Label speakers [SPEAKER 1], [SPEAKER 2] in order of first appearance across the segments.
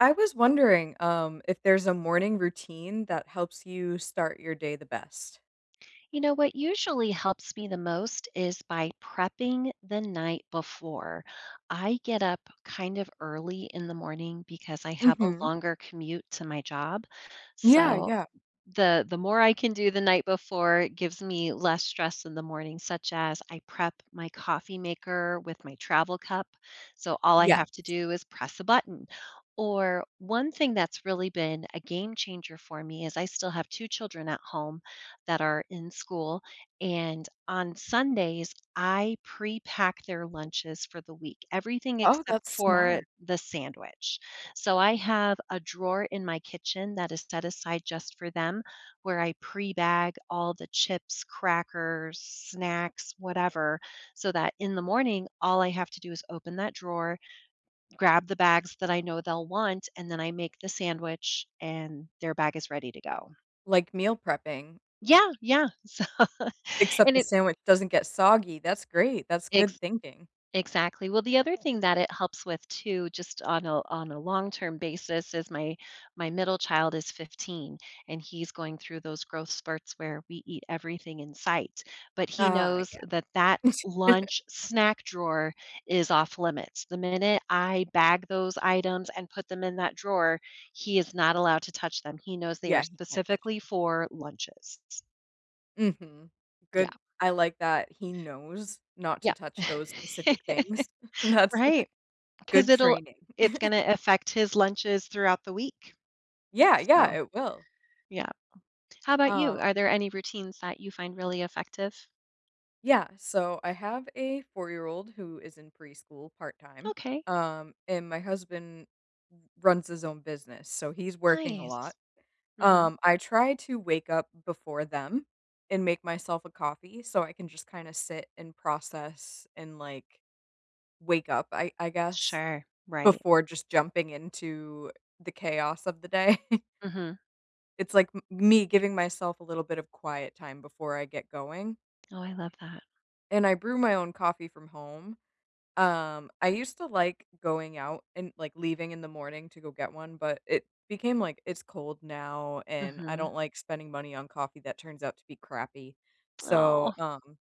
[SPEAKER 1] I was wondering, um, if there's a morning routine that helps you start your day the best?
[SPEAKER 2] You know what usually helps me the most is by prepping the night before. I get up kind of early in the morning because I have a
[SPEAKER 1] Mhm.
[SPEAKER 2] longer commute to my job,
[SPEAKER 1] Yeah,
[SPEAKER 2] so
[SPEAKER 1] yeah.
[SPEAKER 2] the the more I can do the night before, it gives me less stress in the morning, such as, I prep my coffee maker with my travel cup, so all I have to
[SPEAKER 1] Yes.
[SPEAKER 2] do is press a button, or one thing that's really been a game-changer for me is I still have 2 children at home that are in school, and on Sundays, I pre-pack their lunches for the week, everything
[SPEAKER 1] Oh, that's
[SPEAKER 2] except for
[SPEAKER 1] smart.
[SPEAKER 2] the sandwich, so I have a drawer in my kitchen that is set aside just for them, where I pre-bag all the chips, crackers, snacks, whatever, so that in the morning, all I have to do is open that drawer, grab the bags that I know they'll want, and then I make the sandwich, and their bag is ready to go.
[SPEAKER 1] Like, meal prepping.
[SPEAKER 2] Yeah, yeah, so
[SPEAKER 1] Except
[SPEAKER 2] and
[SPEAKER 1] the
[SPEAKER 2] it
[SPEAKER 1] sandwich doesn't get soggy, that's great, that's good
[SPEAKER 2] Ex
[SPEAKER 1] thinking.
[SPEAKER 2] exactly, well, the other thing that it helps with too- just on a on a long term basis- is my my middle child is 15, and he's going through those growth spurts where we eat everything in sight, but he
[SPEAKER 1] Ah,
[SPEAKER 2] knows that that
[SPEAKER 1] yeah.
[SPEAKER 2] lunch, snack drawer is off-limits, the minute I bag those items and put them in that drawer, he is not allowed to touch them, he knows they are
[SPEAKER 1] Yeah, he can't touch 'em.
[SPEAKER 2] specifically for lunches s
[SPEAKER 1] Mhm.
[SPEAKER 2] Yeah.
[SPEAKER 1] Good I like that he knows not to
[SPEAKER 2] Yeah.
[SPEAKER 1] touch those specific things, that's
[SPEAKER 2] Right. 'Cause
[SPEAKER 1] good
[SPEAKER 2] it'll
[SPEAKER 1] training.
[SPEAKER 2] it's gonna affect his lunches throughout the week.
[SPEAKER 1] Yeah, yeah,
[SPEAKER 2] So,
[SPEAKER 1] it will.
[SPEAKER 2] yeah. How ‘bout you?
[SPEAKER 1] Um
[SPEAKER 2] Are there any routines that you find really effective?
[SPEAKER 1] Yeah. So, I have a four-year-old who is in preschool part time,
[SPEAKER 2] Okay.
[SPEAKER 1] um, and my husband r runs his own business, so he's working a lot.
[SPEAKER 2] Nice. Mhm.
[SPEAKER 1] Um, I try to wake up before them and make myself a coffee so I can just kinda sit and process and, like, wake up, I I guess,
[SPEAKER 2] Sure, right.
[SPEAKER 1] before just jumping into the chaos of the day.
[SPEAKER 2] Mhm.
[SPEAKER 1] It's like m me giving myself a little bit of quiet time before I get going.
[SPEAKER 2] Oh, I love that.
[SPEAKER 1] And I brew my own coffee from home. Um, I used to like going out and, like, leaving in the morning to go get one, but it became, like "It's cold now, and I
[SPEAKER 2] Mhm.
[SPEAKER 1] don't like spending money on coffee that turns out to be crappy." So,
[SPEAKER 2] Aw.
[SPEAKER 1] um,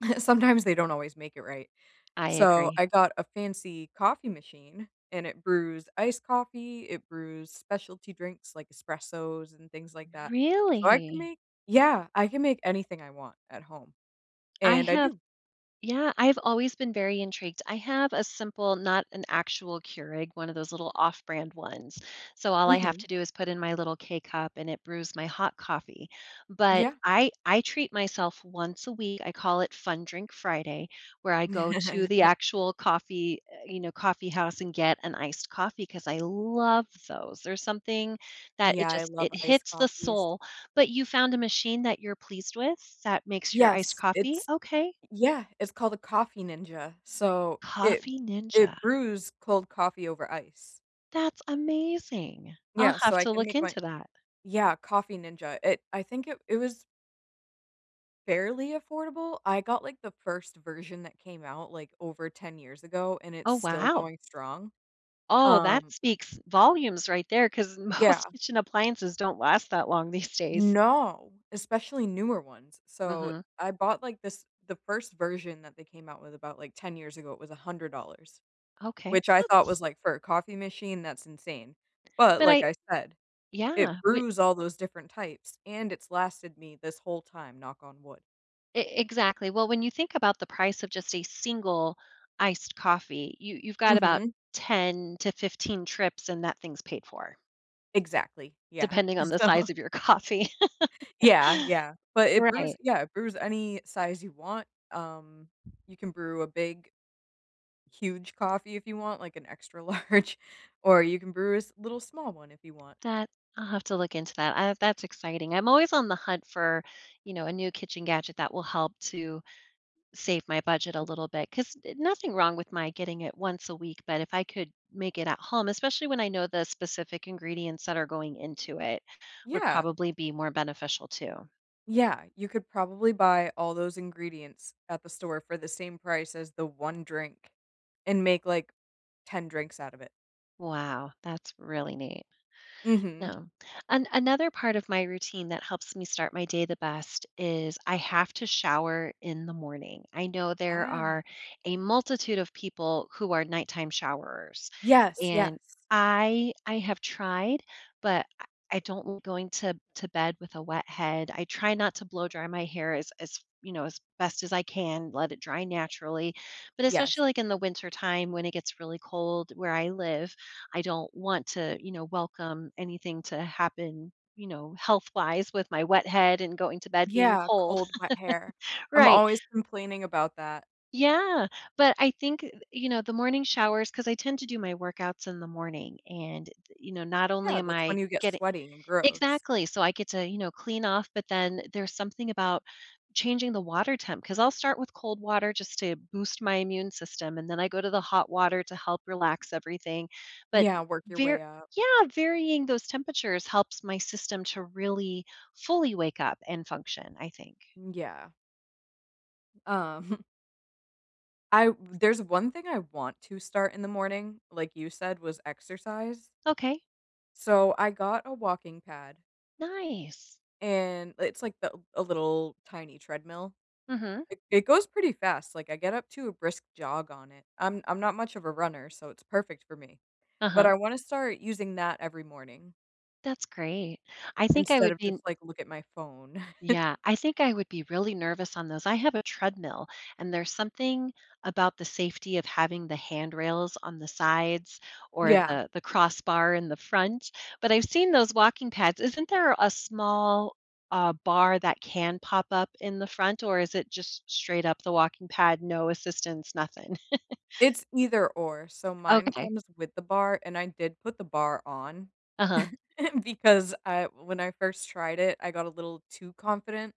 [SPEAKER 1] sometimes they don't always make it right.
[SPEAKER 2] I
[SPEAKER 1] So
[SPEAKER 2] agree.
[SPEAKER 1] I got a fancy coffee machine, and it brews iced coffee, it brews specialty drinks like espressos and things like that. So I can
[SPEAKER 2] Really?
[SPEAKER 1] make Yeah, I can make anything I want at home,
[SPEAKER 2] I
[SPEAKER 1] and I
[SPEAKER 2] have
[SPEAKER 1] do.
[SPEAKER 2] yeah, I've always been very intrigued. I have a simple, not an actual Keurig, one of those little off-brand ones, so all I have
[SPEAKER 1] Mhm.
[SPEAKER 2] to do is put in my little K-Cup, and it brews my hot coffee. But
[SPEAKER 1] Yeah.
[SPEAKER 2] I I treat myself once a week, I call it fun-drink Friday, where I go to the actual coffee, eh you know, coffee house and get an iced coffee, 'cause I love those, there's something that it
[SPEAKER 1] Yeah, I
[SPEAKER 2] just
[SPEAKER 1] love
[SPEAKER 2] it
[SPEAKER 1] iced
[SPEAKER 2] hits the
[SPEAKER 1] coffees.
[SPEAKER 2] soul. But you found a machine that you're pleased with that makes your iced
[SPEAKER 1] Yes,
[SPEAKER 2] coffee?
[SPEAKER 1] it's
[SPEAKER 2] Okay.
[SPEAKER 1] Y yeah, it's called a Coffee Ninja. So it
[SPEAKER 2] Coffee Ninja.
[SPEAKER 1] it brews cold coffee over ice.
[SPEAKER 2] That's amazing, I'll
[SPEAKER 1] Yeah,
[SPEAKER 2] have
[SPEAKER 1] so I
[SPEAKER 2] to
[SPEAKER 1] can
[SPEAKER 2] look
[SPEAKER 1] make my
[SPEAKER 2] into that.
[SPEAKER 1] Y yeah, Coffee Ninja, it I think it it was Fairly affordable. I got, like, the first version that came out, like, over 10 years ago, and it's
[SPEAKER 2] Oh,
[SPEAKER 1] still
[SPEAKER 2] wow.
[SPEAKER 1] going strong.
[SPEAKER 2] Oh, that
[SPEAKER 1] Um
[SPEAKER 2] speaks volumes right there 'cause most
[SPEAKER 1] Yeah.
[SPEAKER 2] appliances don't last that long these days.
[SPEAKER 1] No. Especially newer ones. So,
[SPEAKER 2] Mhm.
[SPEAKER 1] I bought, like, this the 1st version that they came out with about, like, 10 years ago. It was $100,
[SPEAKER 2] Okay,
[SPEAKER 1] which I thought
[SPEAKER 2] that's
[SPEAKER 1] was like, for a coffee machine, that's insane. But
[SPEAKER 2] But
[SPEAKER 1] like
[SPEAKER 2] I
[SPEAKER 1] I said,
[SPEAKER 2] Yeah,
[SPEAKER 1] it
[SPEAKER 2] we
[SPEAKER 1] brews all those different types and it's lasted me this whole time. Knock on wood.
[SPEAKER 2] E exactly, well, when you think about the price of just a single iced coffee, you you've got about
[SPEAKER 1] Mhm.
[SPEAKER 2] 10 to 15 trips and that thing's paid for
[SPEAKER 1] Exactly. Yeah.
[SPEAKER 2] depending on the
[SPEAKER 1] So
[SPEAKER 2] size of your coffee.
[SPEAKER 1] Yeah. Yeah. But it brews
[SPEAKER 2] Right.
[SPEAKER 1] yeah, it brews any size you want. Um, you can brew a big huge coffee if you want, like an extra large, or you can brew a s little small one, if you want.
[SPEAKER 2] That I'll have to look into that. I that's exciting. I'm always on the hunt for, you know, a new kitchen gadget that will help to save my budget a little bit, 'cause nothing wrong with my getting it once a week, but if I could make it at home- especially when I know the specific ingredients that are going into it- would
[SPEAKER 1] Yeah.
[SPEAKER 2] probably be more beneficial too.
[SPEAKER 1] Yeah. You could probably buy all those ingredients at the store for the same price as the one drink and make, like, 10 drinks out of it.
[SPEAKER 2] Wow. That's really neat.
[SPEAKER 1] Mhm.
[SPEAKER 2] No. An another part of my routine that helps me start my day the best is I have to shower in the morning. I know there
[SPEAKER 1] Ah.
[SPEAKER 2] are a multitude of people who are nighttime showerers.
[SPEAKER 1] Yes,
[SPEAKER 2] And
[SPEAKER 1] yes.
[SPEAKER 2] I I have tried, but I I don't [unintelligible] going to to bed with a wet head. I try not to blow dry my hair as as, you know, as best as I can, let it dry naturally. But especially,
[SPEAKER 1] Yes.
[SPEAKER 2] like, in the wintertime when it gets really cold where I live, I don't want to, you know, welcome anything to happen, you know, health-wise with my wet head and going to bed being
[SPEAKER 1] Yeah,
[SPEAKER 2] cold.
[SPEAKER 1] cold, wet hair. I'm
[SPEAKER 2] Right.
[SPEAKER 1] always complaining about that.
[SPEAKER 2] Yeah. But I think, you know, the morning showers 'cause I tend to do my workouts in the morning, and, you know, not only
[SPEAKER 1] Yeah,
[SPEAKER 2] am
[SPEAKER 1] that's when
[SPEAKER 2] I
[SPEAKER 1] you get
[SPEAKER 2] getting
[SPEAKER 1] sweaty and gross.
[SPEAKER 2] Exactly, so I get to, you know, clean off, but then there's something about changing the water temp. 'Cause I'll start with cold water just to boost my immune system, and then I go to the hot water to help relax everything, but,
[SPEAKER 1] Yeah, work your
[SPEAKER 2] var
[SPEAKER 1] way up.
[SPEAKER 2] Yeah, varying those temperatures helps my system to really fully wake up and function, I think.
[SPEAKER 1] Mm, yeah. Um. I there's one thing I want to start in the morning, like you said, was exercise.
[SPEAKER 2] Okay.
[SPEAKER 1] So, I got a walking pad
[SPEAKER 2] Nice.
[SPEAKER 1] and it's like the a little, tiny treadmill.
[SPEAKER 2] Mhm.
[SPEAKER 1] It it goes pretty fast, like, I get up to a brisk jog on it, I'm I'm not much of a runner, so it's perfect for me. But,
[SPEAKER 2] Uh-huh.
[SPEAKER 1] I wanna start using that every morning.
[SPEAKER 2] That's great, I think I
[SPEAKER 1] Instead
[SPEAKER 2] would
[SPEAKER 1] of just,
[SPEAKER 2] be
[SPEAKER 1] like, look at my phone.
[SPEAKER 2] Yeah, I think I would be really nervous on those, I have a treadmill, and there's something about the safety of having the handrails on the sides or
[SPEAKER 1] Yeah.
[SPEAKER 2] the the crossbar in the front, but I've seen those walking pads, isn't there a small, uh, bar that can pop up in the front, or is it just straight-up the walking pad, no assistance, nothing?
[SPEAKER 1] It's either-or, so mine
[SPEAKER 2] Okay.
[SPEAKER 1] comes with the bar, and I did put the bar on
[SPEAKER 2] Uh-huh.
[SPEAKER 1] because I when I first tried it, I got a little too confident,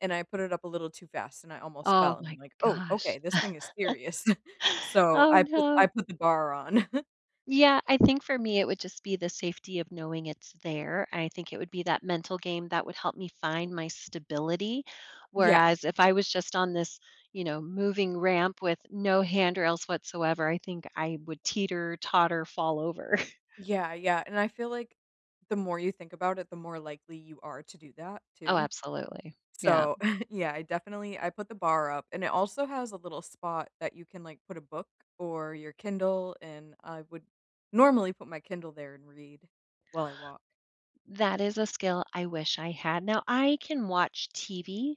[SPEAKER 1] and I put it up a little too fast, and I almost
[SPEAKER 2] Oh
[SPEAKER 1] fell, and
[SPEAKER 2] my
[SPEAKER 1] I'm like, "Oh,
[SPEAKER 2] gosh.
[SPEAKER 1] okay, this thing is serious." So,
[SPEAKER 2] Oh,
[SPEAKER 1] I put I
[SPEAKER 2] no.
[SPEAKER 1] put the bar on.
[SPEAKER 2] Yeah, I think for me it would just be the safety of knowing it's there and I think it would be that mental game that would help me find my stability,
[SPEAKER 1] Yeah.
[SPEAKER 2] whereas if I was just on this, you know, moving ramp with no handrails whatsoever, I think I would teeter-totter fall over.
[SPEAKER 1] Yeah, yeah, and I feel like the more you think about it, the more likely you are to do that,
[SPEAKER 2] Oh
[SPEAKER 1] too.
[SPEAKER 2] absolutely, yeah.
[SPEAKER 1] So, yeah, I definitely I put the bar up, and it also has a little spot that you can, like, put a book or your Kindle, and I would normally put my Kindle there and read while I walk.
[SPEAKER 2] That is a skill I wish I had, now I can watch TV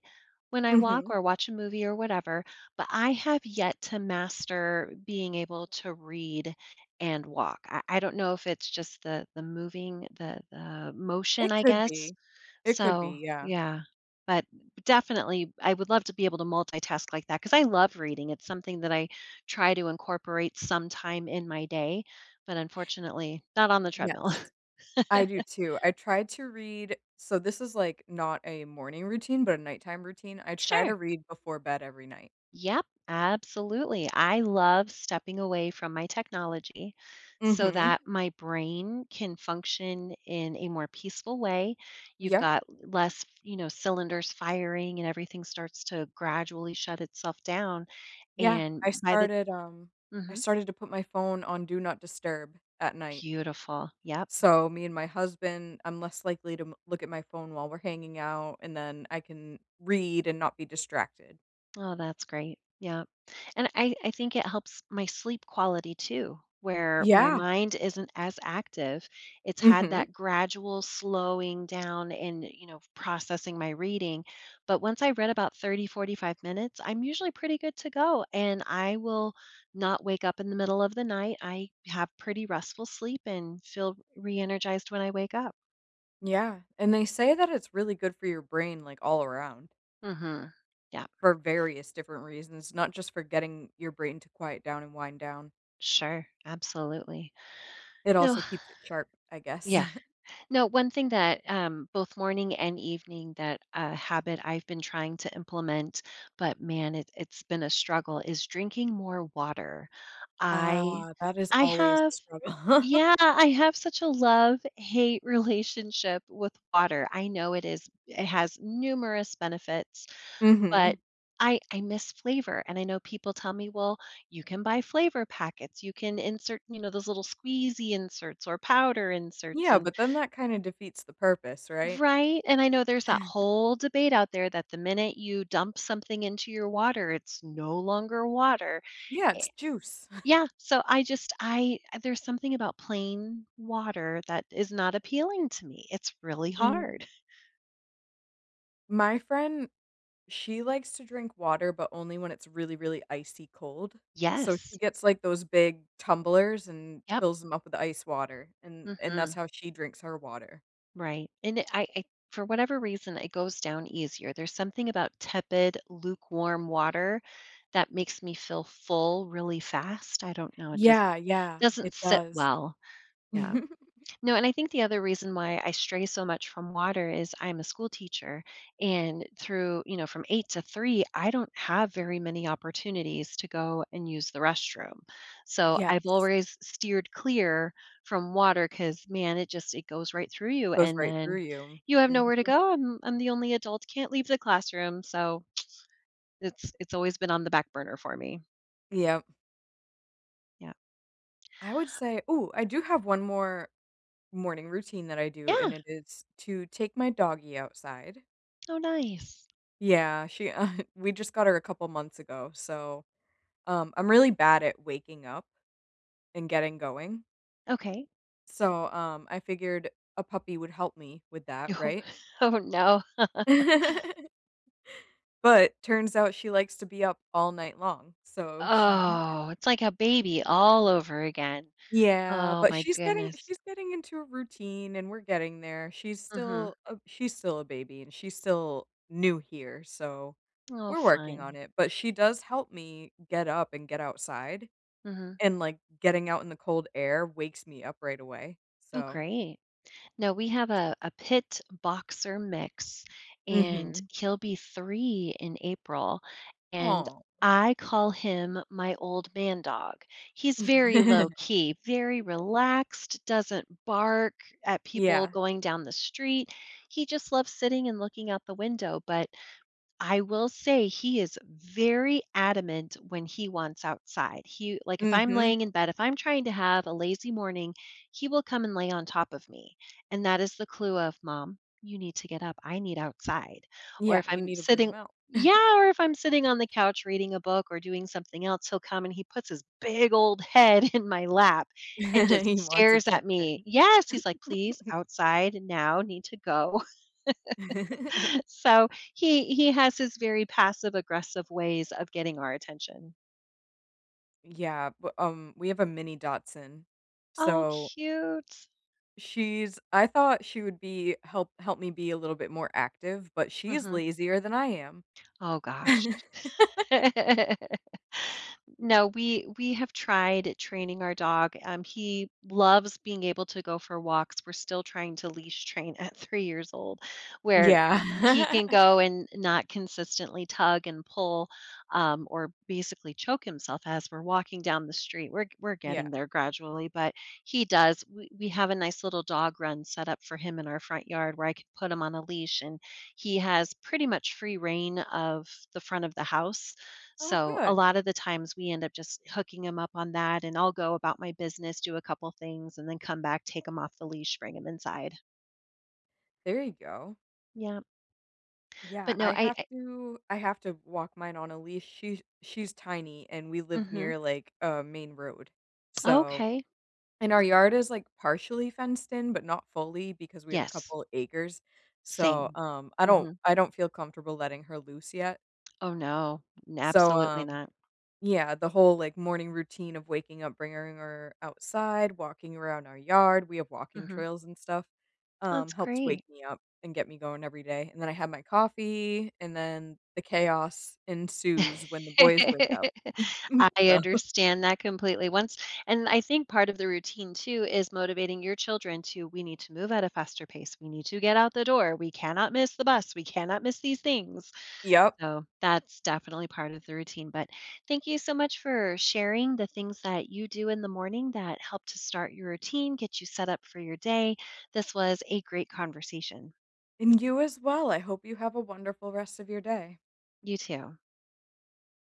[SPEAKER 2] when I walk
[SPEAKER 1] Mhm.
[SPEAKER 2] or watch a movie, or whatever, but I have yet to master being able to read and walk, I I don't know if it's just the the moving, the the motion,
[SPEAKER 1] It
[SPEAKER 2] I
[SPEAKER 1] could
[SPEAKER 2] guess?
[SPEAKER 1] be. It could be,
[SPEAKER 2] So,
[SPEAKER 1] yeah.
[SPEAKER 2] yeah. But, definitely, I would love to be able to multitask like that 'cause I love reading, it's something that I try to incorporate sometime in my day, but unfortunately, not on the treadmill.
[SPEAKER 1] Yes. I do too, I tried to read so, this is, like, not a morning routine, but a nighttime routine, I try to
[SPEAKER 2] Sure.
[SPEAKER 1] read before bed every night.
[SPEAKER 2] Yep, absolutely, I love stepping away from my technology so
[SPEAKER 1] Mhm.
[SPEAKER 2] that my brain can function in a more peaceful way, you've
[SPEAKER 1] Yeah.
[SPEAKER 2] got less f you know, cylinders firing and everything starts to gradually shut itself down,
[SPEAKER 1] Yeah,
[SPEAKER 2] and
[SPEAKER 1] I
[SPEAKER 2] by the
[SPEAKER 1] started, um, I
[SPEAKER 2] Mhm?
[SPEAKER 1] started to put my phone on "do not disturb" at night.
[SPEAKER 2] Beautiful, yep.
[SPEAKER 1] So, me and my husband I'm less likely to m look at my phone while we're hanging out, and then I can read and not be distracted.
[SPEAKER 2] Oh, that's great, yep, and I I think it helps my sleep quality too, where my
[SPEAKER 1] Yeah.
[SPEAKER 2] mind isn't as active, it's had
[SPEAKER 1] Mhm.
[SPEAKER 2] that gradual slowing down and, you know, processing my reading, but once I read about 30, 45 minutes, I'm usually pretty good to go, and I will not wake up in the middle of the night, I have pretty restful sleep and feel reenergized when I wake up.
[SPEAKER 1] Yeah, and they say that it's really good for your brain, like, all around.
[SPEAKER 2] Mhm, yep.
[SPEAKER 1] For various different reasons, not just for getting your brain to quiet down and wind down.
[SPEAKER 2] Sure, absolutely.
[SPEAKER 1] It
[SPEAKER 2] No
[SPEAKER 1] also keeps it sharp, I guess.
[SPEAKER 2] Yeah, no, one thing that, um, both morning and evening that a habit I've been trying to implement- but, man, it it's been a struggle- is drinking more water, I
[SPEAKER 1] Ah, that is
[SPEAKER 2] I
[SPEAKER 1] always a
[SPEAKER 2] have
[SPEAKER 1] struggle.
[SPEAKER 2] Yeah, I have such a love-hate relationship with water, I know it is it has numerous benefits,
[SPEAKER 1] Mhm.
[SPEAKER 2] but I I miss flavor, and I know people tell me, well, you can buy flavor packets, you can insert, you know, those little squeezy inserts, or powder inserts
[SPEAKER 1] Yeah,
[SPEAKER 2] and
[SPEAKER 1] but then that kinda defeats the purpose, right?
[SPEAKER 2] Right? And, I know there's that whole debate out there that the minute you dump something into your water, it's no longer water,
[SPEAKER 1] Yeah, it's
[SPEAKER 2] it
[SPEAKER 1] juice.
[SPEAKER 2] Yeah, so I just I uh, there's something about plain water that is not appealing to me, it's really
[SPEAKER 1] Mm.
[SPEAKER 2] hard.
[SPEAKER 1] My friend, she likes to drink water, but only when it's really, really icy cold. So, she
[SPEAKER 2] Yes.
[SPEAKER 1] gets, like, those big tumblers and
[SPEAKER 2] Yep.
[SPEAKER 1] fills them up with ice water and and that's
[SPEAKER 2] Mhm.
[SPEAKER 1] how she drinks her water.
[SPEAKER 2] Right, and i I i for whatever reason, it goes down easier, there's something about tepid lukewarm water that makes me feel full really fast? I don't know, it just
[SPEAKER 1] Yeah, yeah, it
[SPEAKER 2] doesn't sit
[SPEAKER 1] does.
[SPEAKER 2] well, yeah. No, and I think the other reason why I stray so much from water is I'm a school teacher, and through you know, from 8:00 to 3:00 I don't have very many opportunities to go and use the restroom, so I've
[SPEAKER 1] Yes.
[SPEAKER 2] always steered clear from water, 'cause, man, it just it goes right through you,
[SPEAKER 1] Goes
[SPEAKER 2] and
[SPEAKER 1] right through
[SPEAKER 2] then
[SPEAKER 1] you,
[SPEAKER 2] you have
[SPEAKER 1] mhm.
[SPEAKER 2] nowhere to go and I'm the only adult can't leave the classroom, so it's it's always been on the back burner for me.
[SPEAKER 1] Yep.
[SPEAKER 2] Yeah.
[SPEAKER 1] I would say ooh, I do have one more morning routine that I do, and
[SPEAKER 2] Yeah.
[SPEAKER 1] it is to take my doggy outside.
[SPEAKER 2] Oh, nice.
[SPEAKER 1] Yeah, she we just got her a couple months ago, so, um, I'm really bad at waking up and getting going.
[SPEAKER 2] Okay.
[SPEAKER 1] So, um, I figured a puppy would help me with that.
[SPEAKER 2] Oh,
[SPEAKER 1] Right?
[SPEAKER 2] oh, no.
[SPEAKER 1] But turns out she likes to be up all night long. So.
[SPEAKER 2] Oh, it's like a baby all over again.
[SPEAKER 1] Yeah,
[SPEAKER 2] Oh
[SPEAKER 1] but
[SPEAKER 2] my
[SPEAKER 1] she's getting
[SPEAKER 2] goodness.
[SPEAKER 1] she's getting into a routine, and we're getting there, she's
[SPEAKER 2] Mhm.
[SPEAKER 1] still a she's still a baby, and she's still new here, so
[SPEAKER 2] Oh,
[SPEAKER 1] we're working on
[SPEAKER 2] fun.
[SPEAKER 1] it, but she does help me get up and get outside.
[SPEAKER 2] Mhm.
[SPEAKER 1] And, like, getting out in the cold air wakes me up right away.
[SPEAKER 2] Oh,
[SPEAKER 1] So
[SPEAKER 2] great. No, we have a a pit-boxer mix, and
[SPEAKER 1] Mhm.
[SPEAKER 2] he'll be 3 in April. And
[SPEAKER 1] Aw.
[SPEAKER 2] I call him my old man dog. He's very low key, very relaxed, doesn't bark at people
[SPEAKER 1] Yeah.
[SPEAKER 2] going down the street. He just loves sitting and looking out the window, but I will say he is very adamant when he wants outside, he like if I'm
[SPEAKER 1] Mhm.
[SPEAKER 2] laying in bed, if I'm trying to have a lazy morning, he will come and lay on top of me, and that is the clue of, "Mom, you need to get up. I need outside." Or
[SPEAKER 1] Yeah,
[SPEAKER 2] if
[SPEAKER 1] you
[SPEAKER 2] I'm
[SPEAKER 1] need to bring
[SPEAKER 2] sitting
[SPEAKER 1] ‘em out.
[SPEAKER 2] Yeah, or if I'm sitting on the couch reading a book or doing something else, he'll come and he puts his big old head in my lap and just
[SPEAKER 1] He wants
[SPEAKER 2] stares at
[SPEAKER 1] attention.
[SPEAKER 2] me. Yes, he's like, "Please, outside now, need to go." So he he has his very passive-aggressive ways of getting our attention.
[SPEAKER 1] Yeah, but, um, we have a mini Dachshunds,
[SPEAKER 2] Oh,
[SPEAKER 1] so
[SPEAKER 2] cute!
[SPEAKER 1] she's I thought she would be help help me be a little bit more active, but she's
[SPEAKER 2] Mhm.
[SPEAKER 1] lazier than I am.
[SPEAKER 2] Oh, gosh. No, we we have tried training our dog, um, he loves being able to go for walks, we're still trying to leash train at 3 years old, where h he
[SPEAKER 1] Yeah.
[SPEAKER 2] can go and not consistently tug and pull, um, or basically choke himself as we're walking down the street, we're we're
[SPEAKER 1] Yeah.
[SPEAKER 2] getting there gradually, but he does we we have a nice little dog run set up for him in our front yard where I could put him on a leash, and he has pretty much free rein of the front of the house,
[SPEAKER 1] Oh,
[SPEAKER 2] so, a
[SPEAKER 1] good.
[SPEAKER 2] lot of the times, we end up just hooking him up on that, and I'll go about my business, do a couple things, and then come back, take him off the leash, bring him inside.
[SPEAKER 1] There you go.
[SPEAKER 2] Yep.
[SPEAKER 1] Yeah,
[SPEAKER 2] But no,
[SPEAKER 1] I
[SPEAKER 2] I
[SPEAKER 1] have
[SPEAKER 2] I
[SPEAKER 1] to I have to walk mine on a leash, she's she's tiny, and we live
[SPEAKER 2] Mhm.
[SPEAKER 1] near, like, a main road, so
[SPEAKER 2] Okay.
[SPEAKER 1] and our yard is, like, partially fenced in, but not fully because we have a
[SPEAKER 2] Yes.
[SPEAKER 1] couple acres, so,
[SPEAKER 2] Same.
[SPEAKER 1] um, I don't
[SPEAKER 2] Mhm.
[SPEAKER 1] I don't feel comfortable letting her loose yet.
[SPEAKER 2] Oh, no, n
[SPEAKER 1] So,
[SPEAKER 2] absolutely
[SPEAKER 1] um
[SPEAKER 2] not.
[SPEAKER 1] yeah, the whole, like, morning routine of waking up, bringing her outside, walking around our yard- we have walking
[SPEAKER 2] Mhm.
[SPEAKER 1] trails and stuff- um,
[SPEAKER 2] That's
[SPEAKER 1] helps
[SPEAKER 2] great.
[SPEAKER 1] wake me up, and get me going every day, and then I have my coffee, and then, the chaos ensues when the boys wake up,
[SPEAKER 2] I
[SPEAKER 1] so
[SPEAKER 2] understand that completely, once and I think part of the routine too is motivating your children to, "We need to move at a faster pace, we need to get out the door, we cannot miss the bus, we cannot miss these things,"
[SPEAKER 1] Yep.
[SPEAKER 2] so, that's definitely part of the routine, but thank you so much for sharing the things that you do in the morning that help to start your routine, get you set up for your day, this was a great conversation.
[SPEAKER 1] And you as well, I hope you have a wonderful rest of your day.
[SPEAKER 2] You too.